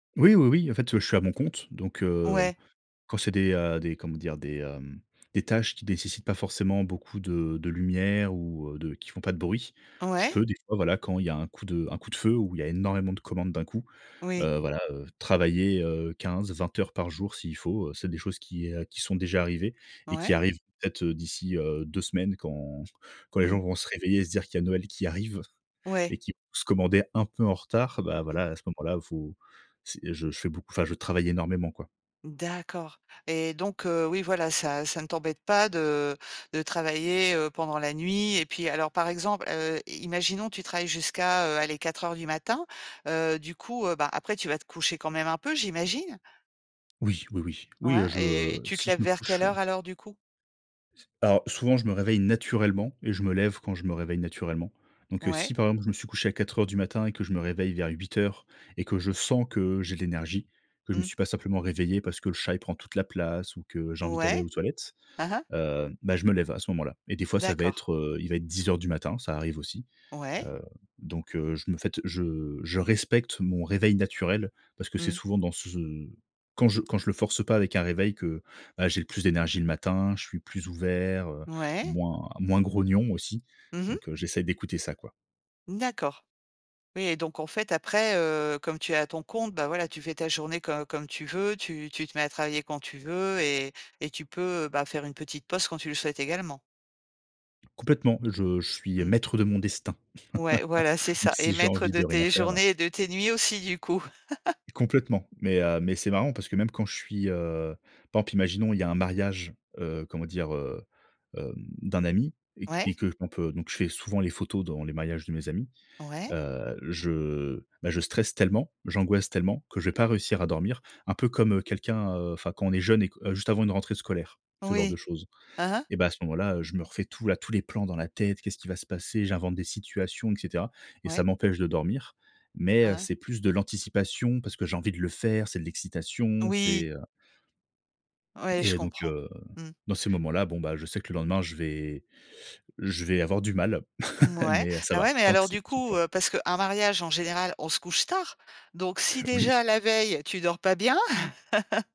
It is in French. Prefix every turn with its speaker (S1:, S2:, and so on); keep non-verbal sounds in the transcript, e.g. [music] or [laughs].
S1: Oui, oui, oui. En fait, heu, je suis à mon compte donc, heu,
S2: Ouais.
S1: quand c'est des, heu, des comment dire? Des, hem, des tâches qui nécessitent pas forcément beaucoup de de lumière ou, heu, de qui font pas de bruit, je
S2: Ouais.
S1: peux des fois, voilà, quand il y a un coup de un coup de feu ou il y a énormément de commandes d'un coup,
S2: Oui.
S1: heu, voilà, heu, travailler, heu, 15-20 heures par jour s'il faut, heu, c'est des choses qui, heu, qui sont déjà arrivées et
S2: Ouais.
S1: qui arrivent peut-être d'ici, heu, 2 semaines quand quand les gens
S2: Mmh.
S1: vont se réveiller et se dire qu'il y a Noël qui arrive
S2: Ouais.
S1: et qui vont se commandaient un peu en retard. Bah
S2: Mmh.
S1: voilà, à ce moment-là, heu, faut c'est, heu, je je fais beaucoup, enfin je travaille énormément, quoi.
S2: D'accord. Et donc, heu, oui, voilà, ça ça ne t'embête pas de de travailler, heu, pendant la nuit et puis alors par exemple, heu, i imaginons tu travailles jusqu'à, heu, allez, 04:00 du matin, heu, du coup, heu, bah après tu vas te coucher quand même un peu, j'imagine?
S1: Oui, oui, oui. Oui, heu,
S2: Ouais, et
S1: je
S2: tu te
S1: si
S2: lèves
S1: je me
S2: vers quelle
S1: couche, heu.
S2: heure alors du coup?
S1: Alors souvent, je me réveille naturellement et je me lève quand je me réveille naturellement donc, heu,
S2: Ouais.
S1: si par exemple je me suis couché à 04:00 du matin et que je me réveille vers 08:00 et que je sens que j'ai de l'énergie, que je me
S2: Mmh.
S1: suis pas simplement réveillé parce que le chat, il prend toute la place ou que j'ai envie d'aller
S2: Ouais.
S1: aux toilettes,
S2: Hein hein.
S1: heu, bah je me lève à ce moment-là. Et des fois ça va
S2: D'accord.
S1: être, heu, il va être 10:00 du matin, ça arrive aussi,
S2: Ouais.
S1: heu, donc, heu, je me faite je je respecte mon réveil naturel parce que c'est
S2: Mmh.
S1: souvent dans c ce quand je quand je le force pas avec un réveil que, bah j'ai le plus d'énergie le matin, je suis plus ouvert, heu,
S2: Ouais.
S1: moins moins grognon aussi,
S2: Mmh mh.
S1: donc, heu, j'essaye d'écouter ça, quoi.
S2: D'accord. Oui et donc, en fait, après, heu, comme tu es à ton compte, bah voilà, tu fais ta journée co comme tu veux, tu tu te mets à travailler quand tu veux et et tu peux, bah faire une petite pause quand tu le souhaites également?
S1: Complètement. Je je suis, heu,
S2: Mmh.
S1: maître de mon destin
S2: Ouais, voilà, c'est
S1: [laughs] donc
S2: ça. Et
S1: si j'ai
S2: maître
S1: envie
S2: de
S1: de rien
S2: tes
S1: faire, heu.
S2: journées et de tes nuits aussi, du coup. [chuckles]
S1: Complètement. Mais, heu, mais c'est marrant parce que même quand je suis, heu, par exemple, imaginons il y a un mariage, heu, comment dire, heu, hem, d'un ami et q
S2: Ouais.
S1: et que on peut donc je fais souvent les photos dans les mariages de mes amis,
S2: Ouais.
S1: heu, je bah je stresse tellement, j'angoisse tellement que je vais pas réussir à dormir. Un peu comme quelqu'un, heu, enfin quand on est jeune et que heu, juste avant une rentrée scolaire, ce genre de
S2: Oui.
S1: choses.
S2: Hein hein.
S1: Et bah, à ce moment-là, heu, je me refais tout la tous les plans dans la tête «Qu'est-ce qu'il va se passer?», j'invente des situations, et cetera et ça
S2: Ouais.
S1: m'empêche de dormir mais,
S2: Hein
S1: heu,
S2: hein.
S1: c'est plus de l'anticipation parce que j'ai envie de le faire. C'est de l'excitation,
S2: Oui.
S1: c'est, heu
S2: Ouais, je
S1: et donc,
S2: comprends.
S1: heu,
S2: Mmh.
S1: dans ces moments-là, bon, bah je sais que le lendemain je vais je vais avoir du mal, [chuckles]
S2: Mouais.
S1: mais, heu, ça
S2: Et
S1: va,
S2: ouais, mais
S1: tant que
S2: alors
S1: c'est
S2: du
S1: qu'1
S2: coup,
S1: fois.
S2: heu, parce qu'un mariage en général, on se couche tard donc si
S1: Oui.
S2: déjà, la veille, tu dors pas bien. [chuckles]